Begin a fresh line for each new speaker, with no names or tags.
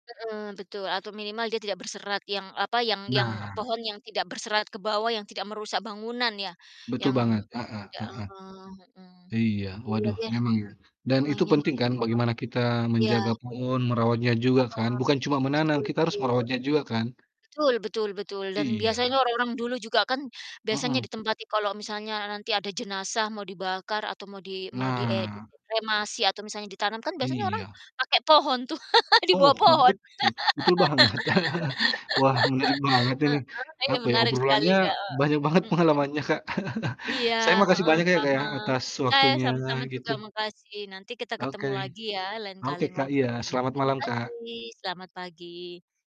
Heeh. Betul, atau minimal dia tidak berserat, yang apa, yang yang
Nah.
pohon yang tidak berserat ke bawah, yang tidak merusak bangunan ya,
Betul
yang
banget,
apa
heeh
tidak
heeh.
heeh, mhm.
Iya,
Iya,
waduh
dia,
memang ya, dan itu
memangnya
penting kan bagaimana kita
[unintelligible] Iya.
menjaga pohon, merawatnya juga kan.
Heeh,
Bukan cuma menanam
betul
kita harus
betul.
merawatnya juga kan.
Betul betul betul, dan biasanya
Iya.
orang-orang dulu juga kan biasanya
Heeh.
ditempati kalau misalnya nanti ada jenazah mau dibakar atau mau di mau di, eee, di
Nah.
dikremasi atau misalnya ditanam, kan biasanya orang
Iya.
pakai pohon tuh, di bawah
Pohon,
pohon.
betul. Betul banget. Wah, menarik banget ini,
Heeh, iya
apa ya
menarik sekali
obrolannya
Kak, heeh.
banyak banget
Mhm.
pengalamannya Kak,
Iya,
saya makasih
heeh,
banyak ya, Kak,
sama,
ya, atas
saya
waktunya
sama-sama juga
gitu.
makasih, nanti kita
Oke.
ketemu lagi ya, lain
Oke
kali
Kak, iya,
ngobrolnya.
selamat
Terima
malam, Kak.
kasih, selamat pagi.